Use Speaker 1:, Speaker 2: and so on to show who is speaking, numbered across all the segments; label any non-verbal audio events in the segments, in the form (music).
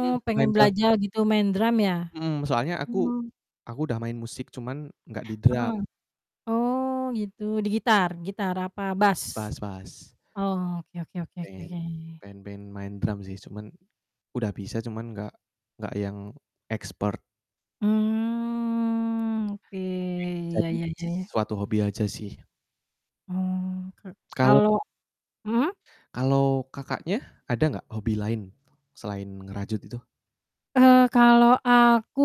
Speaker 1: Mhm. Main
Speaker 2: pengen
Speaker 1: drum.
Speaker 2: belajar gitu main drum ya?
Speaker 1: Mhm. Soalnya aku
Speaker 2: Iya.
Speaker 1: aku udah main musik, cuman gak di drum.
Speaker 2: Heeh. Oh gitu, di gitar, gitar apa bass?
Speaker 1: Bass bass bass.
Speaker 2: Oh oke oke oke oke
Speaker 1: Pengen.
Speaker 2: oke.
Speaker 1: pengen pengen main drum sih, cuman udah bisa cuman gak gak yang expert.
Speaker 2: Mmm,
Speaker 1: Pengen
Speaker 2: oke. Iya
Speaker 1: jadiin
Speaker 2: iya iya iya.
Speaker 1: s suatu hobi aja sih.
Speaker 2: Oh ka
Speaker 1: Kalau
Speaker 2: kalau mhm?
Speaker 1: Kalau Kakaknya, ada gak hobi lain selain ngerajut itu?
Speaker 2: Eee, kalau aku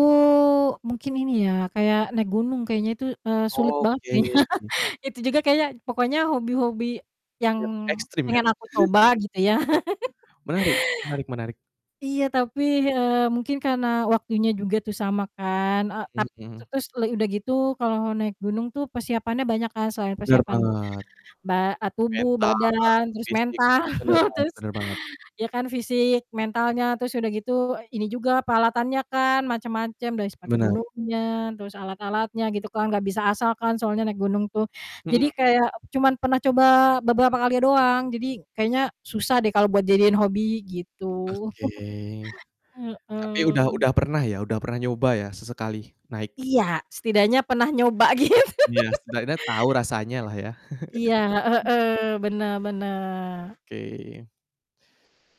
Speaker 2: mungkin ini ya, kayak naik gunung kayaknya itu, eee, sulit banget
Speaker 1: Oke.
Speaker 2: kayaknya. Itu juga kayaknya pokoknya hobi-hobi yang
Speaker 1: Yang
Speaker 2: (tsk)
Speaker 1: ekstrem ya.
Speaker 2: pengen aku coba
Speaker 1: (chuckles)
Speaker 2: gitu ya. (laughs)
Speaker 1: Menarik menarik menarik.
Speaker 2: Iya tapi,
Speaker 1: Mmm.
Speaker 2: eee, mungkin karena waktunya juga tuh sama kan, e
Speaker 1: Mhm
Speaker 2: tap te
Speaker 1: mhm.
Speaker 2: terus le udah gitu kalau naik gunung tuh persiapannya banyak kan, selain
Speaker 1: Bener
Speaker 2: persiapan,
Speaker 1: banget.
Speaker 2: ba a tubuh,
Speaker 1: mental,
Speaker 2: badan, terus
Speaker 1: fisik,
Speaker 2: mental.
Speaker 1: bener banget
Speaker 2: terus,
Speaker 1: bener banget.
Speaker 2: ya kan fisik,
Speaker 1: Mmm.
Speaker 2: mentalnya terus udah gitu, ini juga peralatannya kan, macam-macam dari sepatu
Speaker 1: Bener.
Speaker 2: gunungnya, terus alat-alatnya gitu kan gak bisa asal kan soalnya naik gunung tuh. Jadi,
Speaker 1: Mhm.
Speaker 2: kayak cuman pernah coba beberapa kali doang, jadi kayaknya susah deh kalau buat jadiin hobi, gitu.
Speaker 1: Oke.
Speaker 2: (chuckles)
Speaker 1: Tapi, udah
Speaker 2: Heeh.
Speaker 1: udah pernah ya, udah pernah nyoba ya, sesekali naik?
Speaker 2: Iya, setidaknya pernah nyoba, gitu.
Speaker 1: Iya,
Speaker 2: (laughs)
Speaker 1: setidaknya tahu rasanya lah ya.
Speaker 2: Iya, heeh
Speaker 1: (chuckles)
Speaker 2: heeh. Benar benar.
Speaker 1: Oke.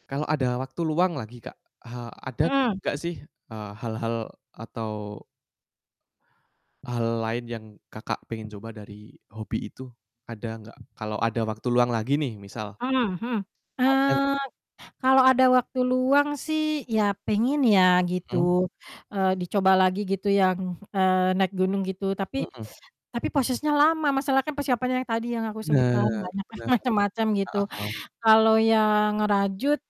Speaker 1: Kalau ada waktu luang lagi Kak, eee, ada
Speaker 2: Mhm.
Speaker 1: gak sih, eee, hal-hal atau hal lain yang Kakak pengen coba dari hobi itu? Ada gak? Kalau ada waktu luang lagi nih, misal.
Speaker 2: Mhm mhm,
Speaker 1: Ada gak?
Speaker 2: eee, kalau ada waktu luang sih, ya pengen ya
Speaker 1: Mhm.
Speaker 2: gitu, eee, dicoba lagi gitu yang, eee, naik gunung, gitu. Tapi
Speaker 1: Mhm.
Speaker 2: tapi prosesnya lama, masalah kan persiapannya yang tadi yang aku
Speaker 1: Benar
Speaker 2: sebutkan banyak kan
Speaker 1: benar.
Speaker 2: macem-macem, gitu.
Speaker 1: Heeh heeh.
Speaker 2: Kalau yang ngerajut,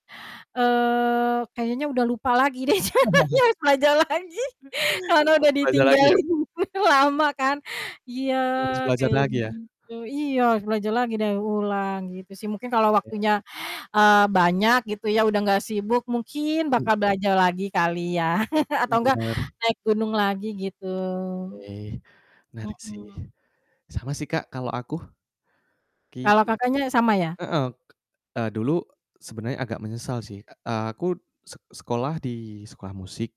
Speaker 2: eee, kayaknya udah lupa lagi deh, sayanya
Speaker 1: (chuckles)
Speaker 2: harus belajar lagi karena udah
Speaker 1: Harus belajar lagi ya?
Speaker 2: ditinggalin lama kan. Iya,
Speaker 1: Harus belajar
Speaker 2: kayak
Speaker 1: lagi ya.
Speaker 2: gitu iya, harus belajar lagi deh, ulang, gitu sih. Mungkin kalau
Speaker 1: Iya.
Speaker 2: waktunya, eee, banyak gitu ya udah nggak sibuk, mungkin
Speaker 1: Mhm.
Speaker 2: bakal belajar lagi kali ya (chuckles) atau enggak,
Speaker 1: Bener.
Speaker 2: naik gunung lagi, gitu.
Speaker 1: Oke. Menarik sih,
Speaker 2: Mhm.
Speaker 1: sama sih Kak kalo aku.
Speaker 2: Kalau Kakaknya, sama
Speaker 1: (unintelligible)
Speaker 2: ya?
Speaker 1: Heeh, k e dulu sebenernya agak menyesal sih, a aku se sekolah di sekolah musik.